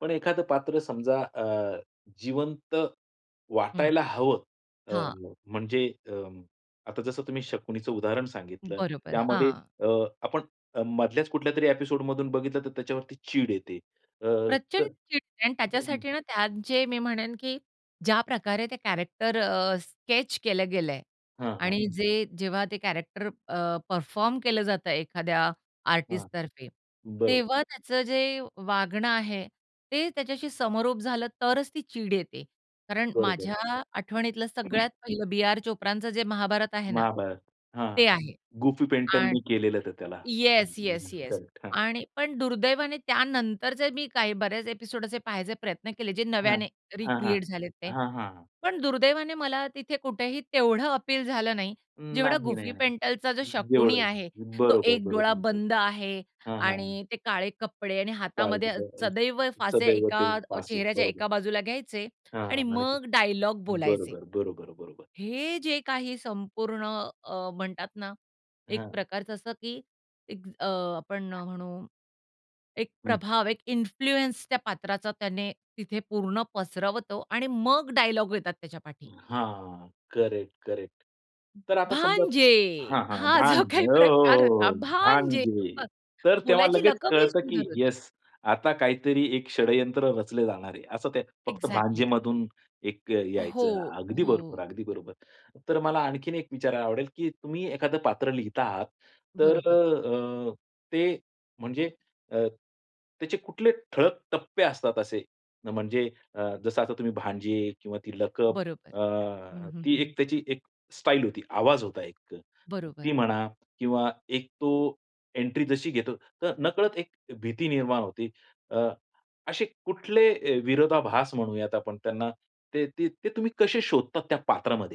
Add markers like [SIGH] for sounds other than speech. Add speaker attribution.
Speaker 1: पण एखादं पात्र समजा अ, जिवंत
Speaker 2: हं.
Speaker 1: वाटायला हवं. अ,
Speaker 2: हां.
Speaker 1: म्हणजे अ, आता जसं तुम्ही शकुणीचं उदाहरण सांगितलं,
Speaker 2: बरोबर,
Speaker 1: त्यामध्ये
Speaker 2: हां.
Speaker 1: अ, आपण अ, मधल्याच कुठल्यातरी एपिसोडमधून बघितलं तर त्याच्यावरती चीड येते. अ,
Speaker 2: प्रचंड
Speaker 1: तर
Speaker 2: चीड आणि
Speaker 1: [UNINTELLIGIBLE]
Speaker 2: त्याच्यासाठी ना, त्यात जे मी म्हणेन, की ज्या प्रकारे ते कॅरेक्टर अ, स्केच केलं गेलंय
Speaker 1: हां, हां.
Speaker 2: आणि जे जेव्हा ते कॅरेक्टर अ, परफॉर्म केलं जातं एखाद्या
Speaker 1: हां.
Speaker 2: आर्टिस्टतर्फे,
Speaker 1: बरोबर.
Speaker 2: तेव्हा त्याचं जे वागणं आहे, ते त्याच्याशी समरोप झालं तरच ती चीड येते. कारण
Speaker 1: बरोबर.
Speaker 2: माझ्या आठवणीतलं सगळ्यात पहिलं बी.आर. चोप्राचं जे महाभारत आहे ना
Speaker 1: महाभारत. हां,
Speaker 2: ते आहे.
Speaker 1: गुफी पेंटलनी
Speaker 2: आणि
Speaker 1: केलेलं होतं त्याला. हं,
Speaker 2: येस,
Speaker 1: हं,
Speaker 2: येस,
Speaker 1: हं,
Speaker 2: येस
Speaker 1: करेक्ट. हां.
Speaker 2: आणि पण दुर्दैवाने त्यानंतरचे मी काही बरेच एपिसोड असे पाहायचे प्रयत्न केले जे
Speaker 1: हां.
Speaker 2: नव्याने
Speaker 1: हां, हां.
Speaker 2: रिक्रिएट झालेत ते.
Speaker 1: हां, हां, हां.
Speaker 2: पण दुर्दैवाने मला तिथे कुठेही तेवढं अपील झालं नाही.
Speaker 1: अं,
Speaker 2: जेवढा
Speaker 1: नाही,
Speaker 2: गुफी
Speaker 1: नाही,
Speaker 2: पेंटलचा जो
Speaker 1: नाही.
Speaker 2: शकुणी
Speaker 1: एवढं
Speaker 2: आहे, तो
Speaker 1: बरोबर, बरोबर,
Speaker 2: एक डोळा
Speaker 1: बरोबर.
Speaker 2: बंद आहे
Speaker 1: हां, हां, हां.
Speaker 2: आणि ते काळे कपडे आणि हातामध्ये
Speaker 1: डावीकडं
Speaker 2: सदैव
Speaker 1: [UNINTELLIGIBLE]
Speaker 2: फासे
Speaker 1: सदैव
Speaker 2: एका
Speaker 1: ते
Speaker 2: अ,
Speaker 1: फासे,
Speaker 2: चेहऱ्याच्या
Speaker 1: बरोबर.
Speaker 2: एका बाजूला घ्यायचे
Speaker 1: हां,
Speaker 2: आणि
Speaker 1: आणि
Speaker 2: मग डायलॉग बोलायचे.
Speaker 1: बरोबर, बरोबर, बरोबर.
Speaker 2: हे जे काही संपूर्ण अ, म्हणतात ना, एक
Speaker 1: हां.
Speaker 2: प्रकारचं असं की एक अ, आपण म्हणू, एक
Speaker 1: हं.
Speaker 2: प्रभाव एक इन्फ्लुअन्स त्या पात्राचा त्याने तिथे पूर्ण पसरवतो आणि मग डायलॉग येतात त्याच्यापाठी.
Speaker 1: हां. Correct, correct. तर आता समजा
Speaker 2: भांजे,
Speaker 1: हां, हां.
Speaker 2: हा जो
Speaker 1: भांजे
Speaker 2: काही
Speaker 1: ओ हो,
Speaker 2: प्रकार
Speaker 1: हो,
Speaker 2: होता,
Speaker 1: हो.
Speaker 2: भांजे
Speaker 1: भांजे.
Speaker 2: [UNINTELLIGIBLE]
Speaker 1: तर तेव्हा
Speaker 2: बोलायची
Speaker 1: लगेच
Speaker 2: लकबही
Speaker 1: कळतं की
Speaker 2: सुंदर होती.
Speaker 1: येस, आता काहीतरी एक षड्यंत्र रचलं जाणार आहे, असं ते फक्त
Speaker 2: अ‍ॅक्झॅक्टली.
Speaker 1: भांजेमधून एक अ, यायचं.
Speaker 2: हो,
Speaker 1: अगदी बरोबर,
Speaker 2: हो.
Speaker 1: अगदी बरोबर. तर मला आणखीन एक विचारायला आवडेल, की तुम्ही एखादं पात्र लिहता आहात तर
Speaker 2: बरोबर.
Speaker 1: अ, ते म्हणजे अ, त्याचे कुठले ठळक टप्पे असतात असे, म्हणजे अ, जसं आता तुम्ही भांजे किंवा लकब
Speaker 2: बरोबर.
Speaker 1: अ,
Speaker 2: हं, हं,
Speaker 1: ती
Speaker 2: हं.
Speaker 1: त्याची एक स्टाईल होती, आवाज होता एक ती
Speaker 2: बरोबर.
Speaker 1: म्हणा किंवा एक तो एंट्री जशी घेतो तर नकळत एक भीती निर्माण होते. अ, असे कुठले अ, विरोधाभास म्हणूयात आपण त्यांना. ते ते तुम्ही कसे शोधतात त्या पात्रामध्ये?